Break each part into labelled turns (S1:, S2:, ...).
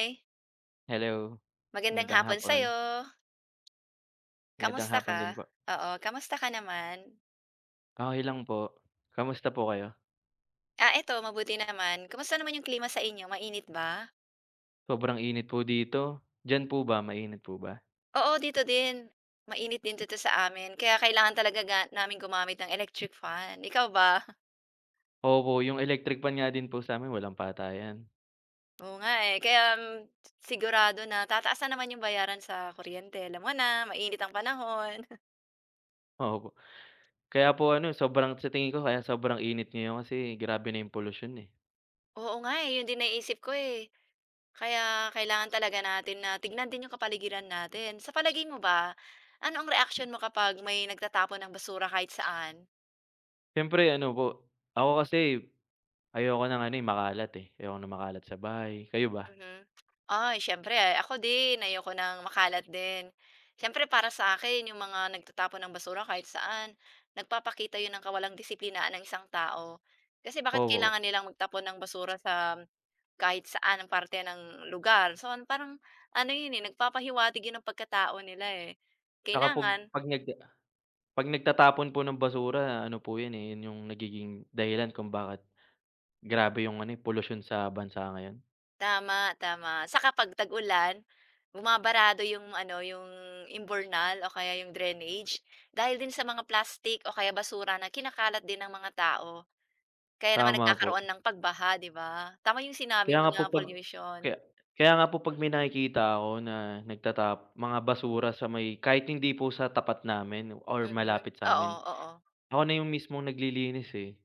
S1: Eh
S2: Hello,
S1: Magandang
S2: magandang
S1: hapon
S2: hapon.
S1: sa'yo.
S2: Magandang
S1: Kamusta
S2: hapon
S1: ka?
S2: din po.
S1: Oo, kamusta ka naman?
S2: Okey lang po, kamusta po kayo?
S1: Ah, eto mabuti naman, kumusta naman 'yong klima sa inyo, mainit ba?
S2: Sobrang init po dito, diyan po ba, mainit po ba?
S1: Oo, dito din, mainit din dito sa amin, kaya kailangan talaga ga naming gumamit ng electric fan, ikaw ba?
S2: Opo, 'yong electric fan nga din po sa'min, walang patayan.
S1: Oo nga eh, kaya, mm, si sigurado na tataas na naman 'yong bayaran sa kuryente alam mo na mainit ang panahon.
S2: O opo, kaya po ano, eh, sobrang sa tingin ko kaya sobrang init ngayon kasi, grabe na 'yong polusyon eh.
S1: Oo nga eh, 'yon din naiisip ko eh, kaya kailangan talaga natin na tignan din 'yong kapaligiran natin. Sa palagay mo ba, ano ang reaksyon mo kapag may nagtatapon ng basura kahit saan?
S2: Siyempre ano po, ako kasi, ayoko ng ano eh, makalat eh, ayoko ng makalat sa bahay, kayo ba?
S1: Mhm, ay, siyempre ako din ayoko ng makalat din. Siyempre para sa akin 'yong mga nagtatapon ng basura kahit saan, nagpapakita 'yon ng kawalang disiplinaan ng isang tao. Kasi, bakit
S2: Opo.
S1: kailangan nilang magtapon ng basura sam, kahit saan na parte ng lugar, so parang, ano 'yon eh, nagpapahiwatig 'yon ng pagkatao nila eh,
S2: Saka pog
S1: kailangan
S2: 'pag nag, uh 'pag nagtatapon po ng basura, ano po 'yon eh, 'yon 'yong nagiging dahilan kung bakit, grabe 'yong ano eh, polusyon sa bansa ngayon.
S1: Tama, tama, saka 'pag tag-ulan, bumabarado 'yong ano, 'yong imburnal o kaya 'yong drainage, dahil din sa mga plastic o kaya basura na kinakalat din ng mga tao. Kaya naman
S2: Tama po.
S1: nagkakaroon ng pagbaha, 'di ba, tama 'yong sinabi
S2: Kaya
S1: mo
S2: nga
S1: na
S2: po 'pag
S1: pollution.
S2: kaya kaya nga po 'pag may nakikita ako na, nagtatap mga basura sa may kahit hindi po sa tapat namin or
S1: Mhm,
S2: malapit
S1: oo,
S2: sa'min,
S1: oo.
S2: ako na 'yong mismong naglilinis eh.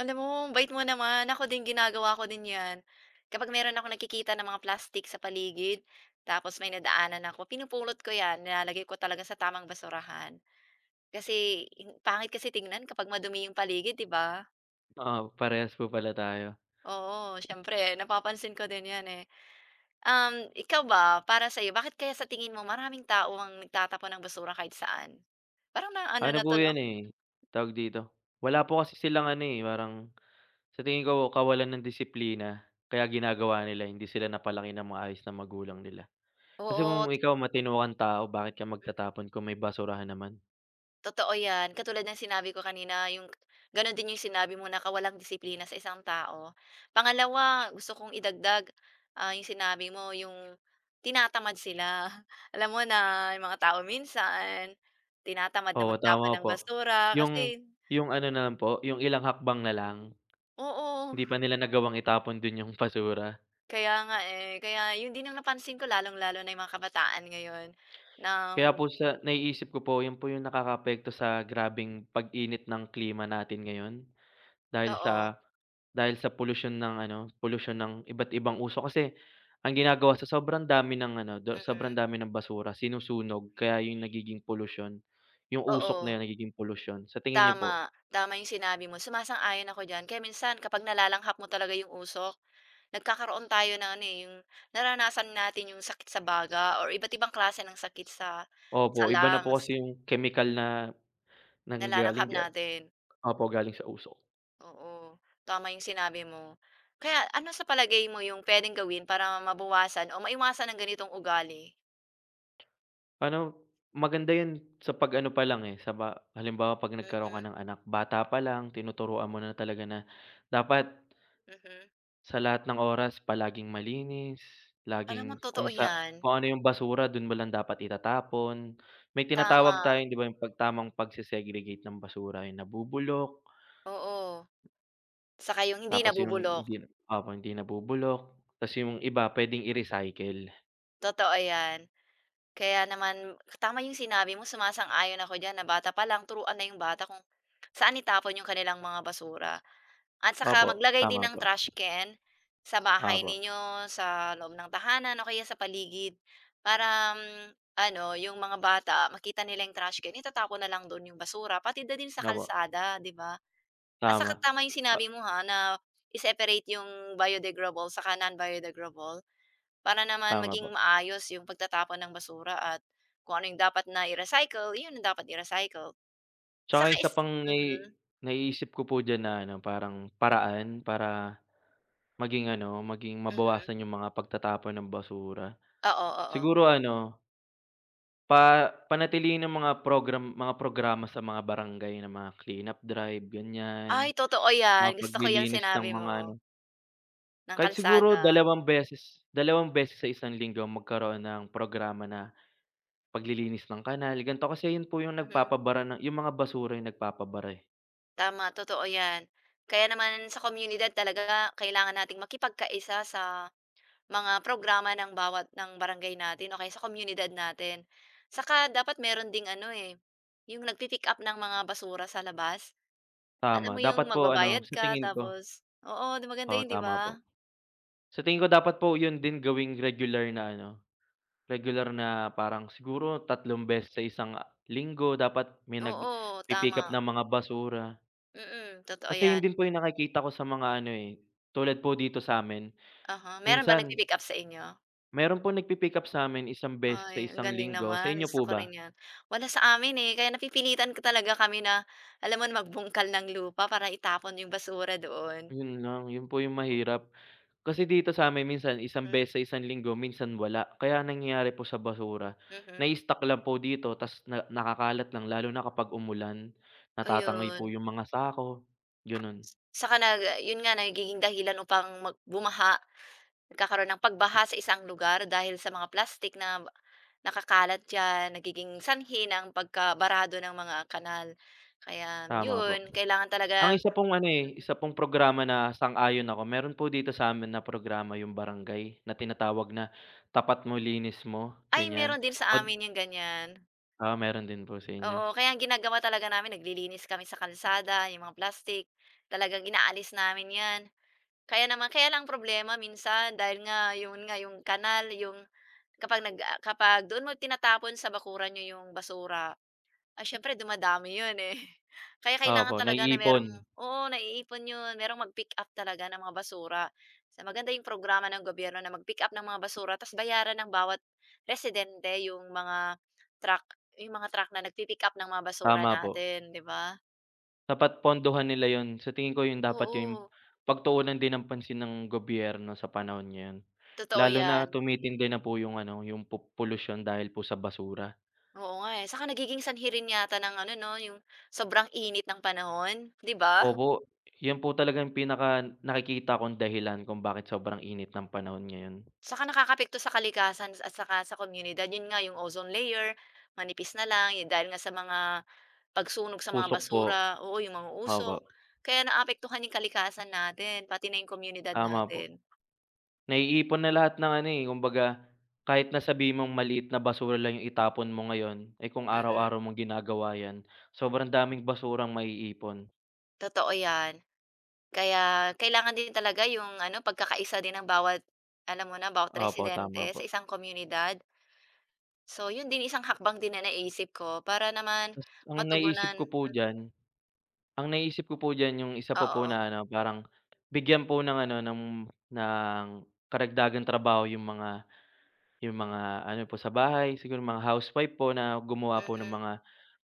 S1: Alam mo, ambait mo naman, ako din ginagawa ko din 'yan. Kapag meron akong nakikita na mga plastic sa paligid, tapos may nadaanan ako, pinupulot ko 'yan, nilalagay ko talaga sa tamang basurahan, kasi, in pangit kasi tignan kapag madumi 'yong paligid, 'di ba?
S2: Oo, parehas po pala tayo.
S1: Oo, siyempre napapansin ko din 'yan eh. Um, ikaw ba, para sa'yo, bakit kaya sa tingin mo maraming tao ang nagtatapon ng basura kahit saan? Parang na ano na
S2: Ano po
S1: 'to, 'no?
S2: 'yan eh, tawag dito? Wala po kasi silang ano eh, parang, sa tingin ko kawalan ng disiplina. Kaya ginagawa nila, hindi sila napalaki nang maayos ng magulang nila. Kasi
S1: Oo
S2: kung
S1: t
S2: ikaw matino kang tao, bakit ka magtatapon kung may basurahan naman.
S1: Totoo 'yan, katulad ng sinabi ko kanina 'yong k gano'n din 'yong sinabi mo na kawalang disiplina sa isang tao. Pangalawa, gusto kong idagdag, ah, 'yong sinabi mo, 'yong tinatamad sila, alam mo na, 'yong mga tao minsan, tinatamad na
S2: Oo,
S1: magtapon
S2: tama
S1: ng
S2: po,
S1: basura
S2: 'yong
S1: kasi
S2: 'yong ano na lang po, 'yong ilang hakbang na lang,
S1: Oo.
S2: hindi pa nila nagawang itapon do'n 'yong basura.
S1: Kaya nga eh, kaya 'yon din ang napansin ko, lalong-lalo na 'yong mga kabataan ngayon na,
S2: Kaya po
S1: um
S2: siya naiisip ko po, 'yon po 'yong nakakaapekto sa grabeng pag-init ng klima natin ngayon. Dahil
S1: Oo.
S2: sa, dahil sa polusyon ng ano, polusyon ng iba't ibang usok, kasi, ang ginagawa sa sobrang dami ng ano, do
S1: Mhm.
S2: sobrang dami ng basura, sinusunog. Kaya 'yong nagiging polusyon, 'yong usok na
S1: Oo.
S2: 'yon nagiging polusyon, sa tingin niyo po?
S1: Tama, tama 'yong sinabi mo, sumasang-ayon ako diyan. Kaya minsan, kapag nalalanghap mo talaga 'yong usok, nagkakaroon tayo ng ano eh, 'yong, nararanasan natin 'yong sakit sa baga, or iba't ibang klase ng sakit sa sa
S2: Opo, iba na po
S1: lungs.
S2: kasi 'yong kemikal na, nanggaling
S1: Nalalanghap
S2: diyan,
S1: natin.
S2: opo, galing sa usok.
S1: Oo, tama 'yong sinabi mo, kaya ano sa palagay mo 'yong puwedeng gawin para mabawasan o maiwasan ang ganitong ugali?
S2: Pa'no maganda 'yon, sa pag ano pa lang eh, sa ba halimbawa 'pag nagkaroon ka
S1: Mm.
S2: ng anak, bata pa lang tinuturuan mo na talaga na, dapat
S1: Mhm.
S2: ...sa lahat ng oras, palaging malinis,
S1: Alam mo,
S2: laging
S1: totoo
S2: kung sa
S1: 'yan.
S2: kung ano 'yong basura do'n mo lang dapat itatapon, may tinatawag
S1: Tama.
S2: tayong, 'di ba, 'yong pag tamang pagse-segregate ng basura, 'yong nabubulok
S1: Oo, saka yong hindi
S2: tapos 'yong
S1: nabubulok.
S2: hindi opo, hindi nabubulok, tapos 'yong iba puwedeng i-recycle.
S1: Totoo 'yan, kaya naman, tama 'yong sinabi mo, sumasang-ayon ako diyan, na bata pa lang turuan na 'yong bata kung, saan itapon 'yong kanilang mga basura. At saka
S2: Opo,
S1: maglagay
S2: tama
S1: din ng
S2: po.
S1: trash can, sa bahay
S2: Opo.
S1: ninyo, sa loob ng tahanan, o kaya sa paligid, para, um, ano, 'yong mga bata makita nila 'yong trash can itatapon na lang do'n 'yong basura, pati na din sa
S2: Nga po.
S1: kalsada, 'di ba? At saka
S2: Tama,
S1: tama 'yong sinabi
S2: ah
S1: mo ha, na, i-separate 'yong biodegrable saka non-biodegradable. Para naman
S2: Tama
S1: maging
S2: po.
S1: maayos 'yong pagtatapon ng basura at, kung ano 'yong dapat na i-recycle, 'yon ang dapat i-recycle,
S2: Tsaka
S1: saka
S2: isa
S1: is
S2: pang nai
S1: mhm.
S2: naiisip ko po diyan na ano, parang paraan para, maging ano, maging
S1: Mhm.
S2: mabawasan 'yong mga pagtatapon ng basura,
S1: Oo, oo.
S2: siguro ano pa panatilihin ang mga program mga programa sa mga barangay na mga clean-up drive, ganyan,
S1: Ay, totoo
S2: mga
S1: 'yan, gusto ko 'yan
S2: paglilinis ng
S1: sinabi
S2: mga
S1: mo.
S2: ano
S1: Ng
S2: Kahit siguro
S1: kalsada.
S2: dalawang beses dalawang beses sa isang linggo, magkaroon ng programa na, paglilinis ng kanal, gan'to kasi 'yon po, 'yong
S1: Mhm.
S2: nagpapabara ng 'yong mga basura, 'yong nagpapabara eh.
S1: Tama, totoo 'yan. Kaya naman sa komunidad talaga, kailangan nating makipagkaisa sa, mga programa ng bawat ng barangay natin o kaya sa komunidad natin, saka dapat meron ding ano eh, 'yong nag-pi-pick-up ng mga basura sa labas.
S2: Tama,
S1: Alam mo 'yong
S2: dapat po ano,
S1: magbabayad
S2: sa
S1: ka,
S2: tingin ko
S1: tapos oo, 'di maganda
S2: Oo,
S1: 'yon, 'di
S2: tama po,
S1: ba?
S2: sa tingin ko dapat po, 'yon din gawing regular na ano, regular na, parang siguro, tatlong beses sa isang, uh, linggo, dapat may
S1: Oo,
S2: nagpi-pick up
S1: tama.
S2: ng mga basura.
S1: Mm, totoo
S2: Kasi 'yon
S1: 'yan.
S2: din po 'yong nakikita ko sa mga ano eh, tulad po dito sa'min,
S1: Uh-huh, meron ba
S2: minsan
S1: nag-pi-pick-up sa inyo?
S2: Meron po nagpipick up sa'min isang beses sa
S1: Ay, ang
S2: isang
S1: galing
S2: linggo, sa
S1: naman,
S2: inyo
S1: gusto
S2: po
S1: ko
S2: ba?
S1: rin 'yan. Wala sa amin eh, kaya napipilitan talaga kami na, alam mo na, magbungkal ng lupa para itapon 'yong basura doon.
S2: 'Yon lang, 'yon po 'yong mahirap, kasi dito sa'min minsan isang
S1: Hmm.
S2: beses isang linggo, minsan wala. Kaya ang nangyayari po sa basura,
S1: Mhm.
S2: nai-stock lang po dito, tas na nakakalat lang, lalo na kapag umulan, natatangay po
S1: Ayun.
S2: 'yong mga sako, gano'n.
S1: Saka nag 'yon nga nagiging dahilan upang mag bumaha, nagkakaroon ng pagbaha sa isang lugar dahil sa mga plastik nab nakakalat diyan, nagiging sanhi ng pagkabarado ng mga kanal, kaya
S2: Tama po,
S1: 'yon kailangan
S2: ang
S1: talagang
S2: isa pong ano eh, isa pong programa na sang-ayon ako, meron po dito sa'min na programa 'yong barangay, na tinatawag na "tapat mo, linis mo",
S1: Ay,
S2: ganyan
S1: meron din sa
S2: pad
S1: amin 'yong ganyan.
S2: Ah, meron din po sa inyo.
S1: Oo, kaya ang ginagawa talaga namin, naglilinis kami sa kalsada, 'yong mga plastic, talagang inaalis namin 'yan, kaya naman kaya lang ang problema minsan dahil nga, 'yon nga, 'yong kanal, 'yong kapag nag, uh, kapag doon mo tinatapon sa bakuran niyo 'yong basura, ay siyempre dumadami 'yon eh, kaya kailangan
S2: Opo,
S1: talaga na merong
S2: naiipon.
S1: oo, naiipon 'yon, meron mag-pick-up talaga ng mga basura sa maganda 'yong programa ng gobyerno na mag-pick-up ng mga basura tapos bayaran ng bawat, residente 'yong, mga truck 'yong mga truck na nag-pi-pick-up ng mga basura
S2: Tama po.
S1: natin, 'di ba?
S2: Dapat pondohan nila 'yon, sa tingin ko 'yon dapat 'yong,
S1: Oo.
S2: pagtuunan din ng pansin ng gobyerno sa panahon ngayon.
S1: Totoo
S2: Lalo na
S1: yan.
S2: tumitindi na po 'yong ano, 'yong po polusyon dahil po sa basura.
S1: Oo nga eh, saka nagiging sanhi rin yata ng ano 'no, 'yong sobrang init ng panahon, 'di ba?
S2: Opo, 'yon po talagang pinaka nakikita kong dahilan kung bakit sobrang init ng panahon ngayon.
S1: Saka nakakaapekto sa kalikasan, at saka sa komunidad, 'yon nga, 'yong ozone layer manipis na lang yo dahil nga sa mga, pagsunog sa mga
S2: Usok po,
S1: basura oo, 'yong mga
S2: opo.
S1: usok, kaya naaapektuhan 'yong kalikasan natin, pati na 'yong komunidad
S2: Tama po.
S1: natin.
S2: Naiipon na lahat ng ano eh, kumbaga, kahit na sabihin mong maliit na basura lang 'yong itapon mo ngayon, eh, kung
S1: Mhm.
S2: araw-araw mong ginagawa yan, sobrang daming basurang maiipon.
S1: Totoo 'yan, kaya, kailangan din talaga 'yong ano, pagkakaisa din ng bawat, alam mo na, bawat
S2: Opo, tama
S1: residente sa
S2: po.
S1: isang komunidad. So, 'yon din, isang hakbang din na naiisip ko, para naman
S2: Mas ang naiisip ko
S1: matugunan
S2: po
S1: mhm.
S2: diyan, ang naisip ko po diyan 'yong isa pa po
S1: Oo.
S2: na ano parang, bigyan po ng ano, ng ng karagdagang trabaho 'yong mga, 'yong mga ano po sa bahay, siguro mga housewife po, na gumawa po ng
S1: Mm.
S2: mga,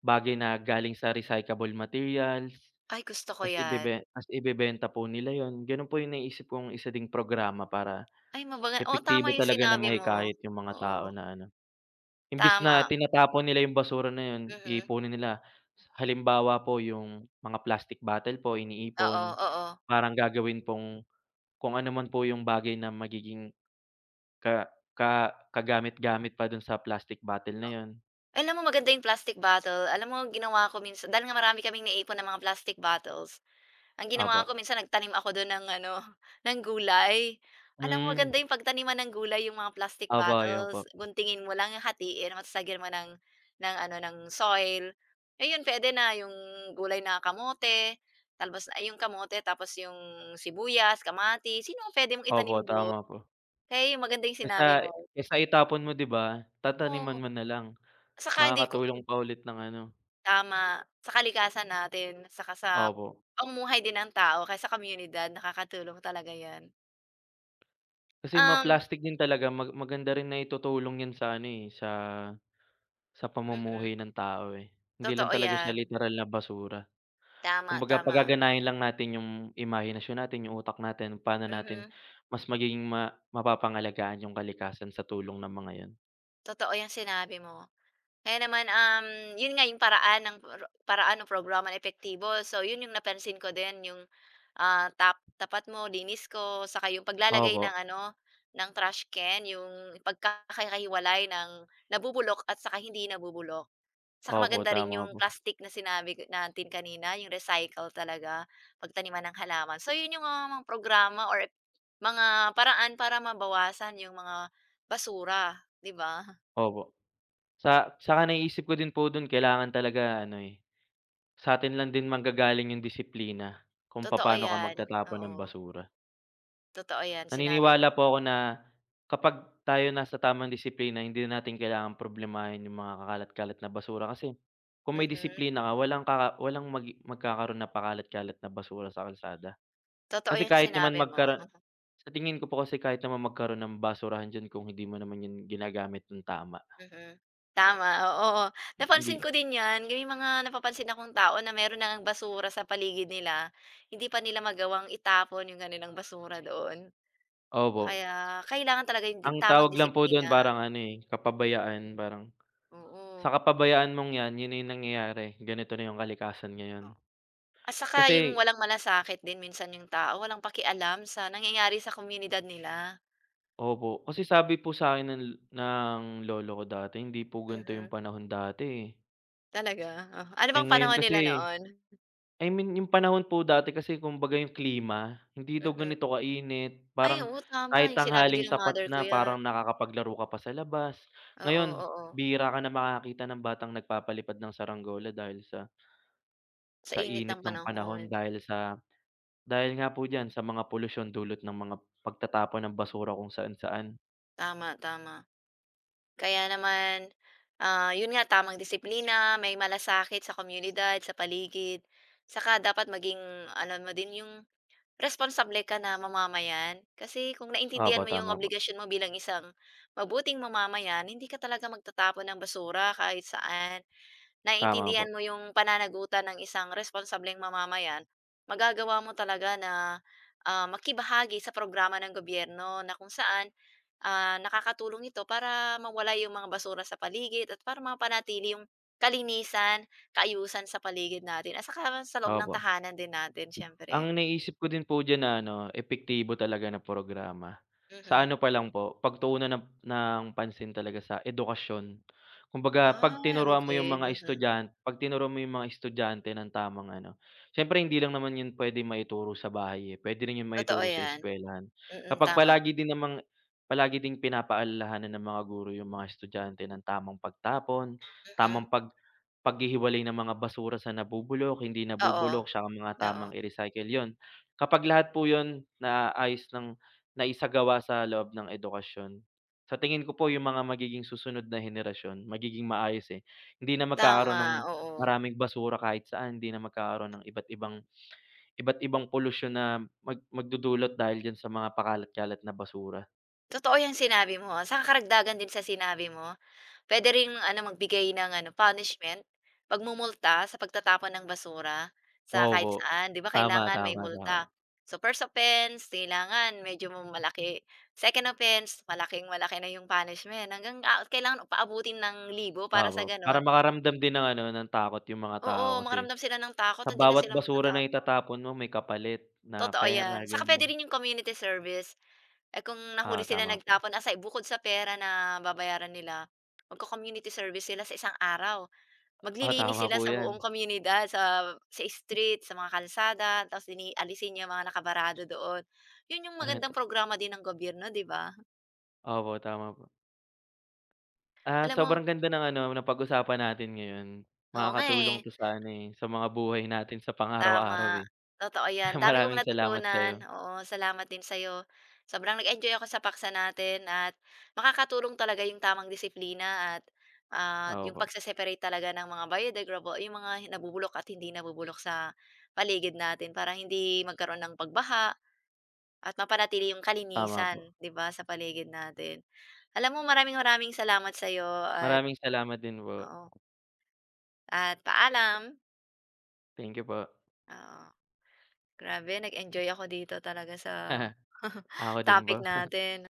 S2: bagay na galing sa recyclable materials,
S1: Ay, gusto ko
S2: tapos
S1: 'yan.
S2: ibebe tapos ibebenta po nila 'yon, gano'n po 'yong naiisip kong isa ding programa para,
S1: Ay, mabaga oo, tama
S2: epektibo
S1: 'yong
S2: talaga na
S1: sinabi mo,
S2: mahikayat 'yong mga tao
S1: oo.
S2: na ano, imbis na
S1: Tama.
S2: tinatapon nila 'yong basura na 'yon,
S1: Mhm.
S2: iipunin nila. Sa halimbawa po 'yong, mga plastic bottle po
S1: Oo,
S2: iniipon,
S1: oo.
S2: parang gagawin pong, kung anuman po 'yong bagay na magiging ka ka kagamit-gamit pa do'n sa plastic bottle
S1: O
S2: na 'yon.
S1: alam mo, maganda 'yong plastic bottle, alam mo ginawa ko minsan dahil nga marami kaming naiipon na mga plastic bottles, ang ginawa
S2: Opo.
S1: ko minsan, nagtanim ako do'n ng ano, ng gulay. Alam mo,
S2: Hmm.
S1: maganda 'yong pagtaniman ng gulay, 'yong mga plastic
S2: Opo, 'yon
S1: bottles.
S2: po.
S1: Guntingin mo lang, 'yong hatiin mo, tapos lagyan mo ng, ng ano, ng soil, ayun puwede na, 'yong gulay na kamote, talbos ay, 'yong kamote tapos 'yong sibuyas, kamatis, 'yon 'yong puwede mong
S2: Opo,
S1: itanim do'n,
S2: tama po.
S1: kaya 'yong maganda 'yong
S2: Kaysa
S1: sinabi
S2: i
S1: mo.
S2: kaysa itapon mo, 'di ba?
S1: Oo,
S2: Tataniman mo na lang,
S1: saka hindi ko,
S2: makakatulong
S1: hmm
S2: pa ulit ng ano
S1: Tama, sa kalikasan natin saka sa,
S2: Opo.
S1: pamumuhay din ng tao, o kaya sa komunidad, nakakatulong talaga yan.
S2: Kasi mga
S1: Um
S2: plastic din talaga, mag maganda rin na itutulong yan sa ano eh, sa sa
S1: Mm.
S2: pamumuhay ng tao eh, hindi lang
S1: Totoo
S2: talaga siya
S1: 'yan.
S2: literal na basura.
S1: Tama,
S2: Kumbaga,
S1: tama.
S2: pagaganahin lang natin 'yong, imahinasyon natin, 'yong utak natin, pa'no natin
S1: Mhm.
S2: mas magiging ma mapapangalagaan 'yong kalikasan sa tulong ng mga 'yon.
S1: Totoo 'yang sinabi mo, kaya naman, um, 'yon nga 'yong paraan, ng para paraan ng programa na epektibo. So, 'yon 'yong napansin ko din, 'yong, ah, tap tapat mo linis ko, saka 'yong paglalagay
S2: Opo.
S1: ng ano, ng trash can, 'yong pagkakahiwalay ng nabubulok at saka hindi nabubulok. Saka
S2: Opo,
S1: maganda rin
S2: tama
S1: 'yong
S2: po.
S1: plastic na sinabi k natin kanina, 'yong recycle talaga, pagtaniman ng halaman. So 'yon 'yong, ah, mga programa or mga paraan para mabawasan 'yong mga basura, 'di ba?
S2: Opo, sa saka naiisip ko din po do'n, kailangan talaga ano eh, sa'tin lang din manggagaling 'yong disiplina, kung
S1: Totoo
S2: papa'no ka
S1: 'yan,
S2: magtatapon ng
S1: oo.
S2: basura.
S1: Totoo yan, sinabi
S2: Naninwala
S1: mo.
S2: po ako na, kapag tayo nasa tamang disiplina, hindi na natin kailangan problemahin 'yong mga kakalat-kalat na basura kasi, kung may
S1: Mhm.
S2: disiplina ka walang kaka walang mag magkakaroon ng pakalat-kalat na basura sa kalsada.
S1: Totoo
S2: Kasi,
S1: yang
S2: kahit naman
S1: sinabi mo,
S2: magkara
S1: hmm.
S2: sa tingin ko po kasi kahit naman magkaroon ng basurahan diyan, kung hindi mo naman 'yan ginagamit nang tama.
S1: Mhm, tama, oo-o,
S2: H
S1: napansin
S2: hindi
S1: ko din 'yan, gay mga napapansin akong tao, na meron na ngang basura sa paligid nila, hindi pa nila magawang itapon 'yong kanilang basura doon.
S2: Opo.
S1: Kaya, kailangan talaga 'yong di
S2: Ang
S1: tamang
S2: tawag lang po doon
S1: disiplina.
S2: parang ano eh, kapabayaan parang, sa
S1: Oo.
S2: kapabayaan mong 'yan, 'yon na 'yong nangyayari. Ganito na 'yong kalikasan ngayon.
S1: O at saka 'yong,
S2: Kasi
S1: walang malasakit din minsan 'yong tao, walang pakialam sa nangyayari sa komunidad nila.
S2: Opo, kasi sabi po sa'kin ng lo ng lolo ko dati, hindi po gan'to 'yong
S1: Mhm.
S2: panahon dati eh.
S1: Talaga? Ano
S2: Eh,
S1: bang
S2: ngayon
S1: panahon nila
S2: kasi
S1: noon?
S2: I mean, 'yong panahon po dati kasi kumbaga 'yong klima, hindi daw
S1: Mhm.
S2: ganito kainit,
S1: Ay,
S2: parang
S1: oo,
S2: kahit
S1: tama, 'yong sinabi din
S2: tanghaling
S1: ng
S2: tapat
S1: mother ko
S2: na,
S1: 'yan.
S2: parang nakakapaglaro ka pa sa labas.
S1: Oo,
S2: Ngayon,
S1: oo.
S2: bihira ka na makakakita ng batang nagpapalipad ng saranggola, dahil sa
S1: Sa
S2: sa
S1: init ng
S2: init ng panahon,
S1: panahon.
S2: dahil sa dahil nga po diyan, sa mga polusyon dulot ng mga pagtatapon ng basura kung saan-saan.
S1: Tama, tama, kaya naman, ah, 'yon nga tamang disiplina, may malasakit sa komunidad, sa paligid, saka dapat maging alam mo din 'yong, responsable ka na mamamayan. Kasi kung naintindihan
S2: Opo,
S1: mo 'yong
S2: tama po.
S1: obligasyon mo bilang isang, mabuting mamamayan, hindi ka talaga magtatapon ng basura kahit saan.
S2: Tama
S1: Naiintindihan
S2: po.
S1: mo 'yong pananagutan ng isang responsableng mamamayan, magagawa mo talaga na, ah, makibahagi sa programa ng gobyerno, na kung saan, ah, nakakatulong ito para, mawala 'yong mga basura sa paligid, at para mapanatili 'yong kalinisan, kaayusan sa paligid natin, at saka loob ng
S2: Opo.
S1: tahanan din natin siyempre.
S2: Ang naisip ko din po diyan na ano, epektibo talaga na programa, sa
S1: Mhm.
S2: ano pa lang po, pagtuunan ng ng pansin talaga sa edukasyon. Kumbaga, 'pag
S1: Ah,
S2: tinuruan mo 'yong
S1: okey,
S2: mga
S1: mhm.
S2: estudyant 'pag tinuruan mo 'yong mga estudyante ng tamang ano, siyempre hindi lang naman 'yon puwedeng maituro sa bahay eh, puwede rin 'yon
S1: Totoo
S2: maituro sa
S1: 'yan,
S2: eskuwelahan.
S1: mm,
S2: Kapag
S1: tama.
S2: palagi din namang palagi din pinapaalalahanan ng mga guro 'yong mga estudyante nang tamang pagtapon,
S1: Mhm.
S2: tamang pag paghihiwalay ng mga basura sa nabubulok, hindi
S1: Oo,
S2: nabubulok, saka mga tamang
S1: oo.
S2: i-recycle, 'yon. Kapag lahat po 'yon, naayos nang naisagawa sa loob ng edukasyon, sa tingin ko po, 'yong mga magiging susunod na henerasyon, magiging maayos eh, hindi na magkakaroon
S1: Tama,
S2: ng
S1: oo.
S2: maraming basura kahit saan, hindi na magkakaroon ng iba't ibang iba't ibang polusyon na, mag magdudulot dahil diyan sa mga pakalat-kalat na basura.
S1: Totoo 'yong sinabi mo ha, saka karagdagan din sa sinabi mo, puwede ring ano, magbigay ng ano, punishment, pagmumulta sa pagtatapon ng basura, sa kahit
S2: Opo,
S1: saan, 'di ba,
S2: tama,
S1: kailangan may
S2: tama,
S1: multa.
S2: tama.
S1: So, first offense, kailangan medyo mo malaki, second offense, malaking malaki na 'yong punishment, hanggang, ah, kailangan paabutin ng libo, para sa
S2: Opo, para
S1: gano'n
S2: makaramdam din ng ano, ng takot 'yong mga tao
S1: Oo,
S2: kasi,
S1: makaramdam sila ng takot,
S2: sa
S1: hindi na
S2: bawat
S1: sila
S2: basura na
S1: magtatapon.
S2: itatapon mo may kapalit, na
S1: Totoo
S2: pera,
S1: 'yan, saka puwede
S2: ganyan.
S1: rin 'yong community service. Eh, kung nahuli
S2: Ah,
S1: sila
S2: tama po.
S1: nagtapon, aside bukod sa pera na babayaran nila mag-co-community service sila sa isang araw,
S2: Ah,
S1: maglilinis
S2: tama
S1: sila
S2: po
S1: sa buong
S2: yan.
S1: komunidad sa sa street, sa mga kalsada, tapos lini aalisin niya mga nakabarado doon, 'yon 'yong
S2: Ah, ta
S1: magandang programa din ng gobyerno, 'di ba?
S2: Opo, tama po. At,
S1: Alam mo
S2: sobrang ganda ng ano, napag-usapan natin ngayon.
S1: Oo, nga eh.
S2: Makakatulong 'to sa ano eh, sa mga buhay natin sa pang-araw-araw
S1: Tama,
S2: eh.
S1: totoo
S2: Ah,
S1: 'yan, dami kong
S2: maraming salamat
S1: natutunan,
S2: sa'yo.
S1: oo, salamat din sa'yo. Sobrang nag-enjoy ako sa paksa natin, at makakatulong talaga 'yong tamang disiplina at, at 'yong
S2: O-opo.
S1: pag-se-separate talaga ng mga biodegradable- 'yong mga nabubulok at hindi nabubulok sa, paligid natin. Para hindi magkaroon ng pagbaha, at mapanatili 'yong
S2: Tama po.
S1: kalinisan, 'di ba, sa paligid natin. Alam mo, maraming-maraming salamat sa'yo at
S2: Maraming salamat din po.
S1: oo. At, paalam!
S2: Thank you po.
S1: Oo, grabe, nag-enjoy ako dito talaga sa,
S2: Ako din
S1: topic
S2: po.
S1: natin.